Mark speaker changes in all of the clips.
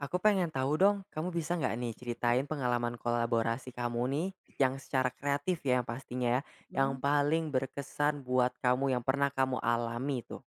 Speaker 1: Aku pengen tahu dong, kamu bisa nggak nih ceritain pengalaman kolaborasi kamu nih, yang secara kreatif ya pastinya ya, yang
Speaker 2: Mmm.
Speaker 1: paling berkesan buat kamu yang pernah kamu alami tuh?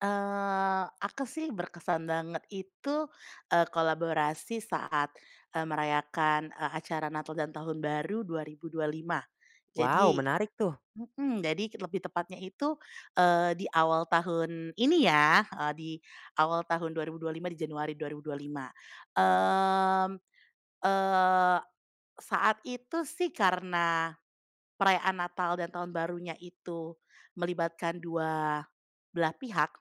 Speaker 2: Eee, aku sih berkesan banget itu, eee, kolaborasi saat, eee, merayakan, eee, acara Natal dan Tahun Baru 2025.
Speaker 1: Wow,
Speaker 2: Jadi
Speaker 1: menarik tuh.
Speaker 2: mhm, jadi lebih tepatnya itu, eee, di awal tahun ini ya, eee, di awal tahun 2025, di Januari 2025. Mmm, eee, saat itu sih karena perayaan Natal dan Tahun Barunya itu melibatkan 2 belah pihak,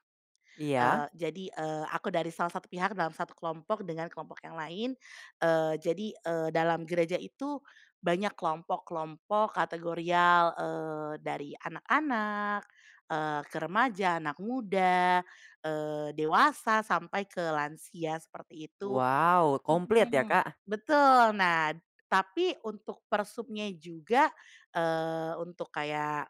Speaker 1: Iya.
Speaker 2: eee, jadi, eee, aku dari salah satu pihak dalam 1 kelompok dengan kelompok yang lain, eee, jadi, eee, dalam gereja itu banyak kelompok-kelompok kategorial, eee, dari anak-anak, eee, ke remaja, anak muda, eee, dewasa, sampai ke lansia seperti itu
Speaker 1: Wow, komplit ya,
Speaker 2: mhm,
Speaker 1: Kak?
Speaker 2: betul. Nah, tapi untuk persubnya juga, eee, untuk kayak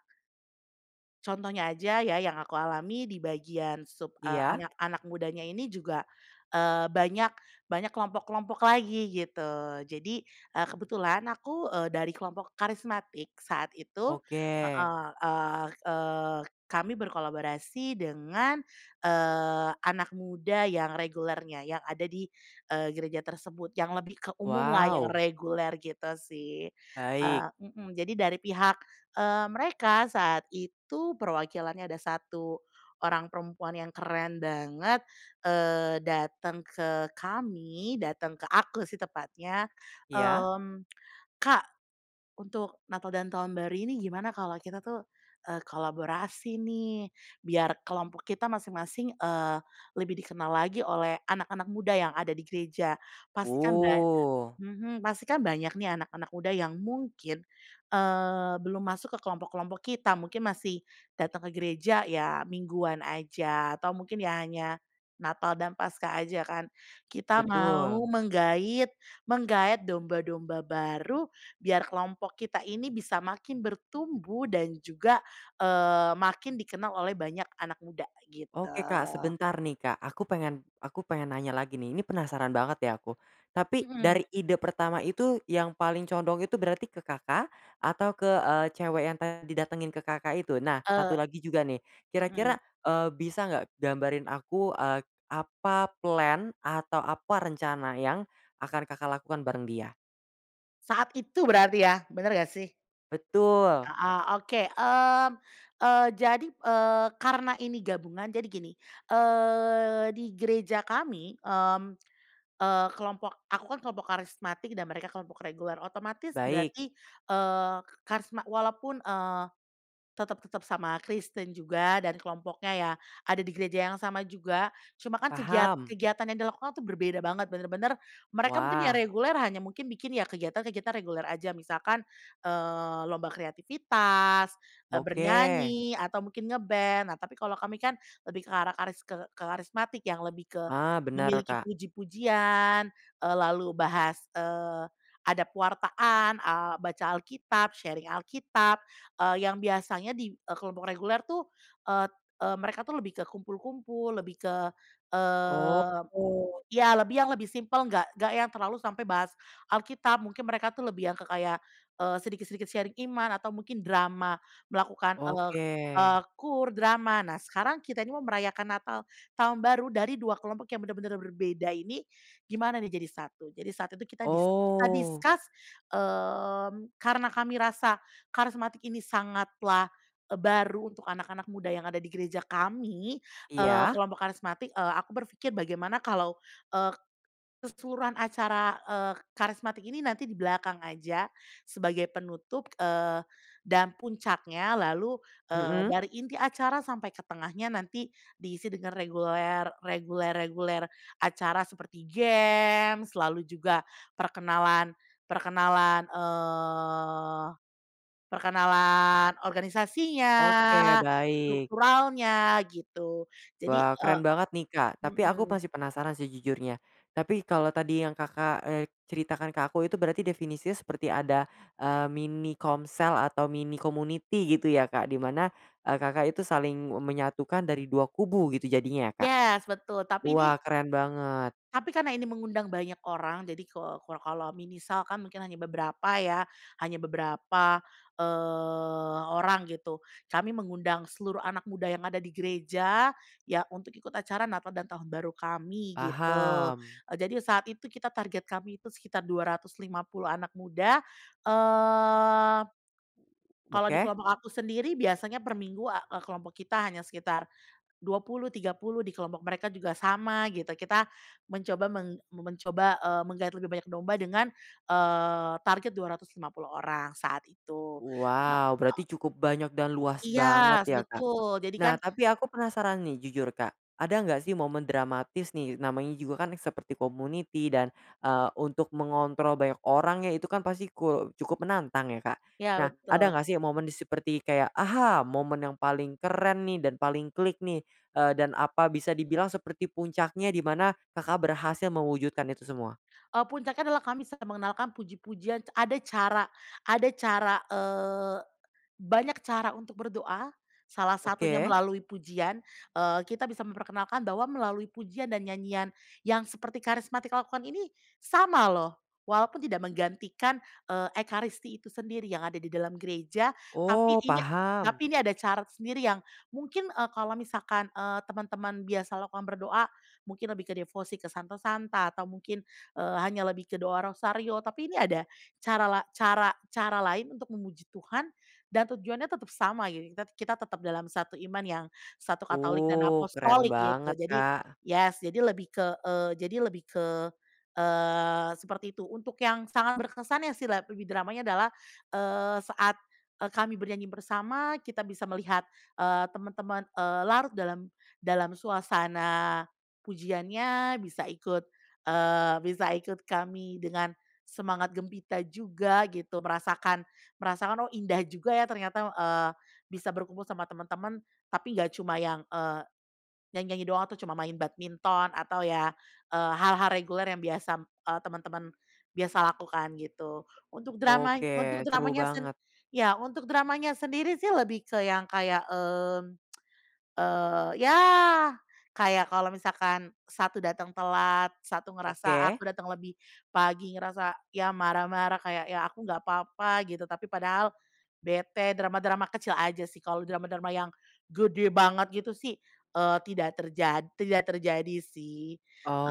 Speaker 2: contohnya aja ya yang aku alami di bagian sub, eee,
Speaker 1: Iya.
Speaker 2: anak-anak mudanya ini juga, eee, banyak banyak kelompok-kelompok lagi gitu. Jadi, eee, kebetulan aku, eee, dari kelompok karismatik, saat itu
Speaker 1: Oke.
Speaker 2: heeh, eee eee, kami berkolaborasi dengan, eee, anak muda yang regulernya, yang ada di, eee, gereja tersebut, yang lebih ke umum lah ya
Speaker 1: Wow.
Speaker 2: reguler gitu sih.
Speaker 1: Baik.
Speaker 2: Eee mhm, jadi dari pihak, eee, mereka saat itu perwakilannya ada 1 orang perempuan yang keren banget, eee, dateng ke kami, dateng ke aku sih tepatnya.
Speaker 1: Iya.
Speaker 2: Mmm, "Kak, untuk Natal dan Tahun Baru ini gimana kalau kita tuh, eee, kolaborasi nih, biar kelompok kita masing-masing, eee, lebih dikenal lagi oleh anak-anak muda yang ada di gereja." Pastikan ba
Speaker 1: Wuh.
Speaker 2: mhm, pastikan banyak nih anak-anak muda yang mungkin, eee, belum masuk ke kelompok-kelompok kita mungkin masih datang ke gereja ya mingguan aja, atau mungkin ya hanya Natal dan Paskah aja kan, kita mau
Speaker 1: Betul.
Speaker 2: menggait menggaet domba-domba baru, biar kelompok kita ini bisa makin bertumbuh dan juga, eee, makin dikenal oleh banyak anak muda, gitu.
Speaker 1: Oke, Kak, sebentar nih, Kak, aku pengen aku pengen nanya lagi nih, ini penasaran banget ya aku. Tapi
Speaker 2: Mhm.
Speaker 1: dari ide pertama itu yang paling condong itu berarti ke Kakak atau ke, eee, cewek yang tadi datengin ke Kakak itu? Nah, 1
Speaker 2: Eee
Speaker 1: lagi juga nih, kira-kira,
Speaker 2: mhm.
Speaker 1: eee, bisa nggak gambarin aku, eee, apa plan atau apa rencana yang akan Kakak lakukan bareng dia?
Speaker 2: Saat itu berarti ya? Bener gak sih?
Speaker 1: Betul.
Speaker 2: Heeh, oke. Mmm, eee, jadi, eee, karena ini gabungan, jadi gini, eee, di gereja kami, mmm, eee, kelompok, aku kan kelompok karismatik dan mereka kelompok reguler, otomatis
Speaker 1: Baik.
Speaker 2: berarti, eee, ke karisma walaupun, eee, tetep tetep sama Kristen juga dan kelompoknya ya, ada di gereja yang sama juga, cuma kan kegiat
Speaker 1: Paham.
Speaker 2: kegiatan yang dilakukan tuh berbeda banget, bener-bener mereka mungkin ya
Speaker 1: Wah.
Speaker 2: reguler hanya mungkin bikin ya kegiatan-kegiatan reguler aja, misalkan, eee, lomba kreativitas, eee,
Speaker 1: Oke.
Speaker 2: bernyanyi, atau mungkin nge-band. Nah, tapi kalau kami kan lebih ke arah karis ke ke karismatik yang lebih ke
Speaker 1: Ah, bener,
Speaker 2: memiliki
Speaker 1: Kak.
Speaker 2: puji-pujian, eee, lalu bahas, eee, ada pewartaan, eee, baca Alkitab, sharing Alkitab, eee, yang biasanya di, eee, kelompok reguler tuh et e mereka tuh lebih ke kumpul-kumpul, lebih ke, eee
Speaker 1: Oh.
Speaker 2: iya, lebih yang lebih simpel nggak nggak yang terlalu sampai bahas Alkitab, mungkin mereka tuh lebih yang ke kayak, eee, sedikit-sedikit sharing iman atau mungkin drama melakukan, ek
Speaker 1: Oke.
Speaker 2: eee, KUR, drama. Nah sekarang kita ini mau merayakan Natal Tahun Baru dari 2 kelompok yang benar-benar berbeda ini gimana nih jadi satu? Jadi saat itu kita dis kita
Speaker 1: Oh.
Speaker 2: discuss, mmm, karena kami rasa karismatik ini sangatlah e baru untuk anak-anak muda yang ada di gereja kami, eee,
Speaker 1: Iya.
Speaker 2: kelompok karismatik, eee, aku berpikir bagaimana kalau ek keseluruhan acara, eee, karismatik ini nanti di belakang aja sebagai penutup, eee, dan puncaknya lalu, eee,
Speaker 1: Mhm.
Speaker 2: dari inti acara sampai ke tengahnya nanti diisi dengan reguler reguler-reguler acara seperti games, lalu juga perkenalan perkenalan, eee, perkenalan organisasinya,
Speaker 1: Oke, baik.
Speaker 2: strukturalnya gitu. Jadi,
Speaker 1: Wah,
Speaker 2: e
Speaker 1: keren banget nih, Kak. Tapi aku
Speaker 2: mhm.
Speaker 1: masih penasaran sejujurnya, tapi kalau tadi yang Kakak, eee, ceritakan ke aku itu berarti definisinya seperti ada, eee, mini komsel atau mini community gitu ya, Kak? Di mana e Kakak itu saling e menyatukan dari 2 kubu gitu jadinya ya, Kak?
Speaker 2: Yes, betul. Tapi ini
Speaker 1: Wah, keren banget.
Speaker 2: tapi karena ini mengundang banyak orang, jadi ko ko kalau misalkan mungkin hanya beberapa ya, hanya beberapa, eee, orang gitu. Kami mengundang seluruh anak muda yang ada di gereja, ya untuk ikut acara Natal dan Tahun Baru kami gitu.
Speaker 1: Paham.
Speaker 2: E jadi saat itu kita target kami itu sekitar 250 anak muda, eee kalau di
Speaker 1: Woke.
Speaker 2: kelompok aku sendiri biasanya perminggu a e kelompok kita hanya sekitar 20, 30 di kelompok mereka juga sama gitu, kita mencoba meng men mencoba, eee, menggaet lebih banyak domba dengan, eee, target 250 orang saat itu, heeh.
Speaker 1: Wow, berarti cukup banyak dan luas
Speaker 2: Iya,
Speaker 1: banget
Speaker 2: s
Speaker 1: ya, Kak?
Speaker 2: betul,
Speaker 1: Nah,
Speaker 2: jadikan
Speaker 1: tapi aku penasaran nih jujur Kak, ada nggak sih momen dramatis nih, namanya juga kan seperti community dan, eee, untuk mengontrol banyak orang ya, itu kan pasti ku cukup menantang ya, Kak.
Speaker 2: Iya,
Speaker 1: Nah, ada
Speaker 2: betul.
Speaker 1: nggak sih momen di seperti kayak, aha! Momen yang paling keren nih dan paling klik nih, eee, dan apa bisa dibilang seperti puncaknya, di mana Kakak berhasil mewujudkan itu semua?
Speaker 2: E puncaknya adalah kami bisa mengenalkan puji-pujian ce ada cara ada cara, eee, banyak cara untuk berdoa, salah satunya
Speaker 1: Oke.
Speaker 2: melalui pujian, eee, kita bisa memperkenalkan bahwa melalui pujian dan nyanyian yang seperti karismatik lakukan ini sama loh, walaupun tidak menggantikan, eee, ekaristi itu sendiri yang ada di dalam gereja, tapi
Speaker 1: Oh,
Speaker 2: ini
Speaker 1: paham.
Speaker 2: tapi ini ada cara sendiri yang mungkin e kalau misalkan, eee, teman-teman biasa lakukan berdoa, mungkin lebih ke devosi ke santo-santa, atau mungkin, eee, hanya lebih ke doa rosario, tapi ini ada cara la cara cara lain untuk memuji Tuhan dan tujuannya tetap sama gitu, kita kita tetap dalam satu iman yang satu katolik dan
Speaker 1: Uh, keren
Speaker 2: apostolik gitu.
Speaker 1: banget,
Speaker 2: Jadi
Speaker 1: Kak.
Speaker 2: yes, jadi lebih ke, eee, jadi lebih ke, eee, seperti itu. Untuk yang sangat berkesan ya, sih la lebih dramanya adalah, eee, saat e kami bernyanyi bersama, kita bisa melihat, eee, temen-temen, eee, larut dalam dalam suasana pujiannya, bisa ikut, eee, bisa ikut kami dengan semangat gempita juga gitu, merasakan merasakan, oh, indah juga ya ternyata, eee, bisa berkumpul sama temen-temen. Tapi nggak cuma yang, eee, nyanyi-nyanyi doang tuh, cuma main badminton, atau ya, eee, hal-hal reguler yang biasa, eee, temen-temen biasa lakukan gitu. Untuk drama
Speaker 1: Oke,
Speaker 2: untuk
Speaker 1: seru
Speaker 2: dramanya sen
Speaker 1: banget.
Speaker 2: iya, untuk dramanya sendiri sih lebih ke yang kayak, mmm, eee, ya kayak kalau misalkan 1 datang telat, 1 ngerasa
Speaker 1: Oke.
Speaker 2: aku datang lebih pagi ngerasa, ya marah-marah kayak, ya aku nggak papa gitu, tapi padahal bete, drama-drama kecil aja sih kalau drama-drama yang gede banget gitu sih, eee, tidak terjad tidak terjadi sih.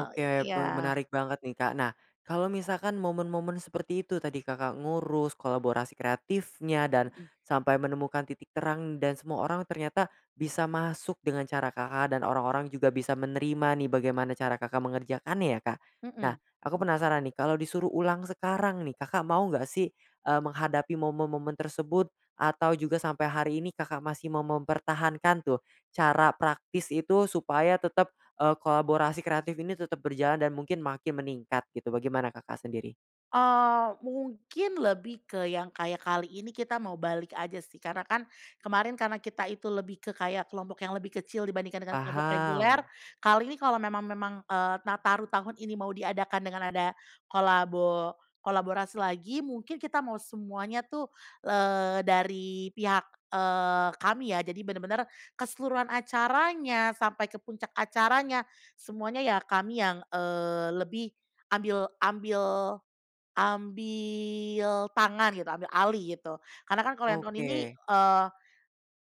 Speaker 2: Oh,
Speaker 1: pe
Speaker 2: iya.
Speaker 1: menarik banget nih, Kak. Nah, kalau misalkan momen-momen seperti itu tadi Kakak ngurus kolaborasi kreatifnya, dan
Speaker 2: Mhm.
Speaker 1: sampai menemukan titik terang dan semua orang ternyata bisa masuk dengan cara Kakak, dan orang-orang juga bisa menerima nih bagaimana cara Kakak mengerjakannya ya, Kak. Nah,
Speaker 2: Mhm.
Speaker 1: aku penasaran nih, kalau disuruh ulang sekarang nih, Kakak mau nggak sih, eee, menghadapi momen-momen tersebut atau juga sampai hari ini Kakak masih mau mempertahankan tuh, cara praktis itu supaya tetep, eee, kolaborasi kreatif ini tetep berjalan dan mungkin makin meningkat gitu, bagaimana Kakak sendiri?
Speaker 2: Eee, mungkin lebih ke yang kayak kali ini kita mau balik aja sih, karena kan kemarin karena kita itu lebih ke kayak kelompok yang lebih kecil dibandingkan dengan kelompok reguler.
Speaker 1: Paham.
Speaker 2: Kali ini kalau memang memang, eee, Nataru tahun ini mau diadakan dengan ada kolabo kolaborasi lagi mungkin kita mau semuanya tuh, eee, dari pihak, eee, kami ya. Jadi bener-bener keseluruhan acaranya sampai ke puncak acaranya, semuanya ya kami yang, eee, lebih ambil ambil ambil tangan gitu, ambil alih, gitu. Karena kan kalau yang tahun ini,
Speaker 1: Oke.
Speaker 2: eee,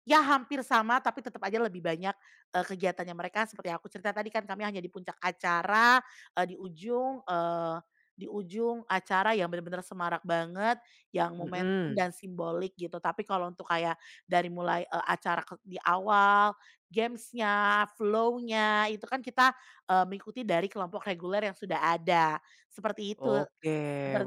Speaker 2: ya hampir sama, tapi tetap aja lebih banyak e kegiatannya mereka seperti yang aku cerita tadi, kan kami hanya di puncak acara, e di ujung, eee, di ujung acara yang bener-bener semarak banget, yang momentum
Speaker 1: Mhm.
Speaker 2: dan simbolik gitu. Tapi kalau untuk kayak dari mulai e acara kek di awal, games-nya, flow-nya, itu kan kita, eee, mengikuti dari kelompok reguler yang sudah ada. Seperti itu
Speaker 1: Oke.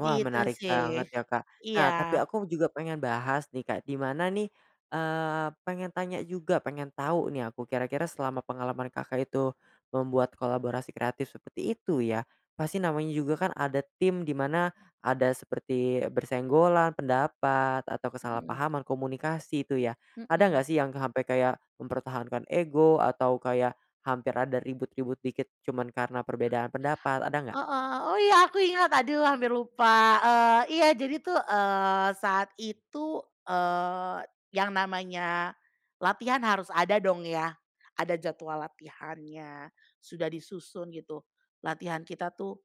Speaker 1: Wah,
Speaker 2: itu
Speaker 1: menarik
Speaker 2: sih.
Speaker 1: banget ya, Kak. Nah, tapi
Speaker 2: Iya.
Speaker 1: aku juga pengen bahas nih, Kak, di mana nih, eee, pengen tanya juga, pengen tahu nih aku, kira-kira selama pengalaman Kakak itu membuat kolaborasi kreatif seperti itu ya, pasti namanya juga kan ada tim di mana ada seperti bersenggolan pendapat atau
Speaker 2: Mhm.
Speaker 1: kesalahpahaman komunikasi itu ya. Ada
Speaker 2: Mhm.
Speaker 1: nggak sih yang sampai kayak mempertahankan ego atau kayak hampir ada ribut-ribut dikit cuman karena perbedaan pendapat, ada nggak?
Speaker 2: Heeh, oh, iya aku ingat, aduh hampir lupa. Eee, iya jadi tuh, eee, saat itu, eee, yang namanya latihan harus ada dong ya, ada jadwal latihannya, sudah disusun gitu, latihan kita tuh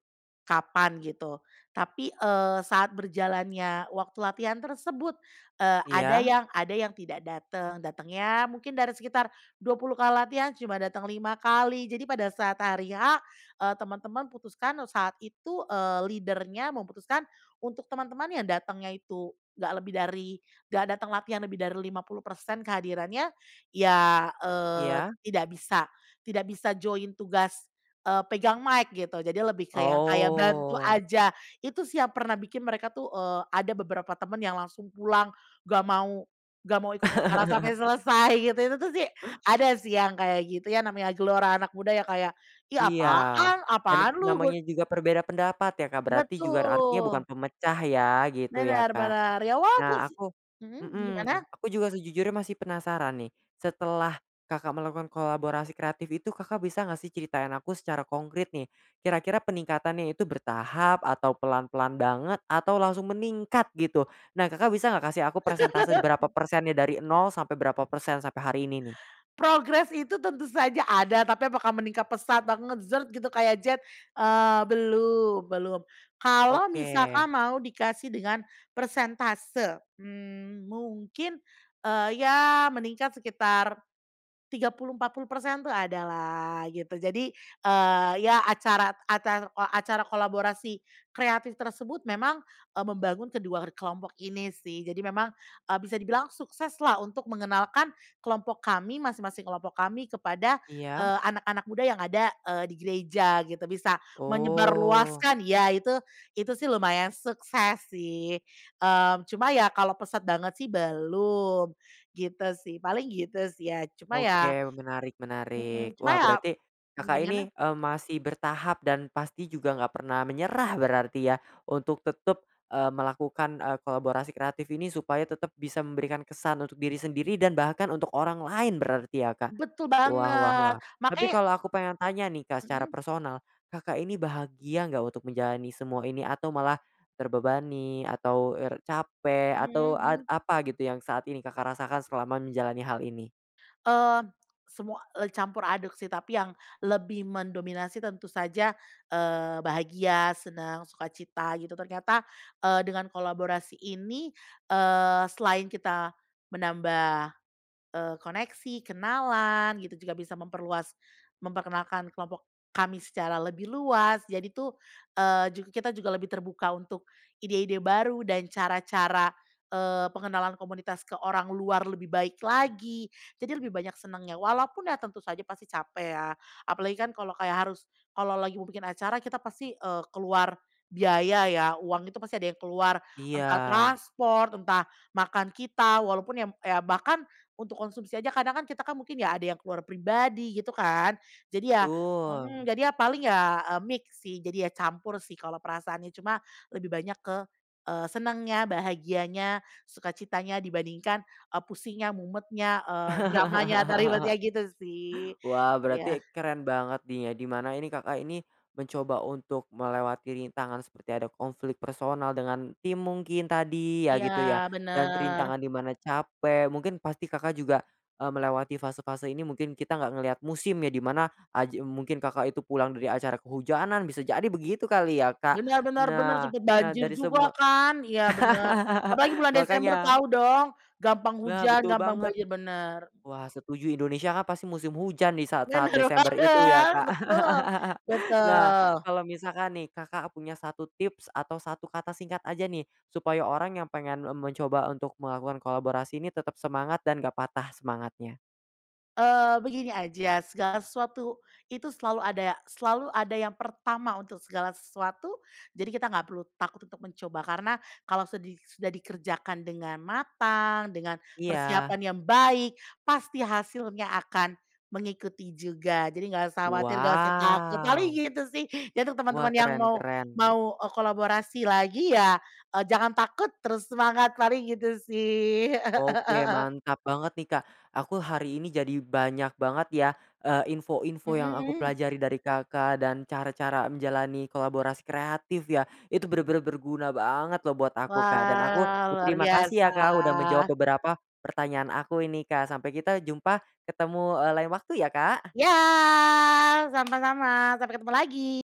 Speaker 2: kapan gitu. Tapi, eee, saat berjalannya waktu latihan tersebut, eee, ada
Speaker 1: Iya.
Speaker 2: yang ada yang tidak dateng, datangnya mungkin dari sekitar 20 kali latihan cuma dateng 5 kali. Jadi pada saat hari H, eee, teman-teman putuskan saat itu, eee, leader-nya memutuskan untuk teman-teman yang datangnya itu nggak lebih dari nggak datang latihan lebih dari 50% kehadirannya, ya, eee,
Speaker 1: Iya.
Speaker 2: tidak bisa tidak bisa join tugas, eee, pegang mic gitu. Jadi lebih ke yang kayak bantu
Speaker 1: Oh.
Speaker 2: aja. Itu sih yang pernah bikin mereka tuh, eee, ada beberapa temen yang langsung pulang, nggak mau nggak mau ikut acara sampai selesai gitu, itu tuh sih, ada sih yang kayak gitu. Ya namanya gelora anak muda yang kayak, ih
Speaker 1: Iya,
Speaker 2: apaan?
Speaker 1: dan
Speaker 2: Apaan lu? Gu
Speaker 1: namanya juga berbeda pendapat ya, Kak, berarti juga artinya bukan
Speaker 2: Betul.
Speaker 1: pemecah ya, gitu ya,
Speaker 2: Bener
Speaker 1: Kak?
Speaker 2: bener. Ya
Speaker 1: Nah,
Speaker 2: wajar sih
Speaker 1: aku
Speaker 2: mhm,
Speaker 1: mhm,
Speaker 2: gimana?
Speaker 1: aku juga sejujurnya masih penasaran nih, setelah Kakak melakukan kolaborasi kreatif itu Kakak bisa gak sih ceritain aku secara konkrit nih, kira-kira peningkatannya itu bertahap, atau pelan-pelan banget, atau langsung meningkat gitu? Nah, Kakak bisa nggak kasih aku persentase berapa persennya dari 0 sampai berapa persen, sampai hari ini nih?
Speaker 2: Progres itu tentu saja ada, tapi apakah meningkat pesat banget zret gitu kayak jet, eee, belum belum. Kalau
Speaker 1: Oke.
Speaker 2: misalkan mau dikasih dengan persentase, mmm, mungkin, eee, ya meningkat sekitar 30, 40% tuh ada lah gitu. Jadi, eee, ya acara, acar o acara kolaborasi kreatif tersebut memang e membangun kedua kelompok ini sih. Jadi memang, e bisa dibilang sukses lah untuk mengenalkan kelompok kami, masing-masing kelompok kami kepada,
Speaker 1: Iya?
Speaker 2: eee, anak-anak muda yang ada, eee, di gereja gitu. Bisa
Speaker 1: Oh.
Speaker 2: menyebarluaskan ya, itu itu sih lumayan sukses sih. Mmm, cuma ya kalau pesat banget sih belum, gitu sih, paling gitu sih ya, cuma ya
Speaker 1: Oke, menarik menarik.
Speaker 2: mhm, cuma
Speaker 1: Wah,
Speaker 2: ya
Speaker 1: berarti
Speaker 2: mmm,
Speaker 1: Kakak
Speaker 2: gimana?
Speaker 1: ini, eee, masih bertahap dan pasti juga nggak pernah menyerah berarti ya? Untuk tetap, eee, melakukan, eee, kolaborasi kreatif ini supaya tetap bisa memberikan kesan untuk diri sendiri dan bahkan untuk orang lain berarti ya, Kak?
Speaker 2: Betul
Speaker 1: Wah wah
Speaker 2: banget.
Speaker 1: wah, tapi
Speaker 2: Makanya
Speaker 1: kalau aku pengen tanya nih, Kak, secara
Speaker 2: Mhm.
Speaker 1: personal. Kakak ini bahagia enggak untuk menjalani semua ini atau malah terbebani atau er capek
Speaker 2: Mmm,
Speaker 1: atau ad
Speaker 2: hmm.
Speaker 1: apa gitu yang saat ini Kakak rasakan selama menjalani hal ini?
Speaker 2: Eee, semua, e campur aduk sih, tapi yang lebih mendominasi tentu saja, eee, bahagia, senang, suka cita gitu. Ternyata, eee, dengan kolaborasi ini, eee, selain kita menambah, eee, koneksi, kenalan, gitu juga bisa memperluas memperkenalkan kelompok kami secara lebih luas, jadi tuh, eee, juga kita juga lebih terbuka untuk ide-ide baru dan cara-cara, eee, pengenalan komunitas ke orang luar lebih baik lagi. Jadi lebih banyak senangnya, walaupun ya tentu saja pasti capek ya. Apalagi kan kalau kayak harus kalau lagi mau bikin acara kita pasti, eee, keluar biaya ya, uang itu pasti ada yang keluar, entah
Speaker 1: Iya.
Speaker 2: transport, entah makan kita, walaupun ya, m ya bahkan untuk konsumsi aja kadang kan kita kan mungkin ya ada yang keluar pribadi gitu kan, jadi ya
Speaker 1: Betul.
Speaker 2: mmm, jadi ya paling ya e mix sih, jadi ya campur sih kalau perasaannya, cuma lebih banyak ke, eee, senengnya, bahagianya, suka citanya, dibandingkan e pusingnya, mumetnya, eee, dramanya, atau ribetnya gitu sih,
Speaker 1: Wah,
Speaker 2: iya.
Speaker 1: berarti keren banget di nya di mana ini Kakak ini mencoba untuk melewati rintangan seperti ada konflik personal dengan tim mungkin tadi ya
Speaker 2: Iya,
Speaker 1: gitu ya, dan
Speaker 2: bener.
Speaker 1: rintangan di mana capek, mungkin pasti Kakak juga, eee, melewati fase-fase ini mungkin kita nggak ngelihat musim ya, di mana aji mungkin Kakak itu pulang dari acara kehujanan bisa jadi begitu kali ya, Kak?
Speaker 2: Bener bener bener,
Speaker 1: Nah
Speaker 2: sempet
Speaker 1: nah,
Speaker 2: banjir
Speaker 1: dari
Speaker 2: juga
Speaker 1: semua
Speaker 2: kan? Iya, bener, apalagi bulan Desember
Speaker 1: makanya.
Speaker 2: tahu dong, gampang
Speaker 1: Nah,
Speaker 2: hujan,
Speaker 1: betul
Speaker 2: gampang
Speaker 1: banget.
Speaker 2: banjir, bener, mhm.
Speaker 1: Wah, setuju Indonesia kan pasti musim hujan di saat-saat
Speaker 2: Bener
Speaker 1: Desember itu ya,
Speaker 2: banget,
Speaker 1: Kak?
Speaker 2: betul
Speaker 1: Nah,
Speaker 2: betul.
Speaker 1: kalau misalkan nih, Kakak punya satu tips atau satu kata singkat aja nih, supaya orang yang pengen m mencoba untuk melakukan kolaborasi ini tetap semangat dan gak patah semangatnya?
Speaker 2: Eee, begini aja, segala sesuatu itu selalu ada selalu ada yang pertama untuk segala sesuatu, jadi kita nggak perlu takut untuk mencoba. Karena kalau sedi sudah dikerjakan dengan matang, dengan
Speaker 1: Iya.
Speaker 2: persiapan yang baik, pasti hasilnya akan mengikuti juga. Jadi nggak usah khawatir, nggak usah takut. Paling
Speaker 1: Wow.
Speaker 2: gitu sih, jadi untuk
Speaker 1: Wah,
Speaker 2: teman-teman yang
Speaker 1: keren
Speaker 2: mau
Speaker 1: keren.
Speaker 2: mau e kolaborasi lagi ya e jangan takut terus semangat, paling gitu sih.
Speaker 1: Oke, mantap banget nih, Kak. Aku hari ini jadi banyak banget ya, eee, info-info yang aku
Speaker 2: Mhm.
Speaker 1: pelajari dari Kakak dan cara-cara menjalani kolaborasi kreatif ya, itu bener-bener berguna banget loh buat aku, Kak, dan aku
Speaker 2: Wah, luar
Speaker 1: berterima kasih ya, Kak, udah menjawab
Speaker 2: biasa.
Speaker 1: beberapa pertanyaan aku ini, Kak. Sampai kita jumpa ketemu, eee, lain waktu ya, Kak!
Speaker 2: Iya, sama-sama, sampai ketemu lagi!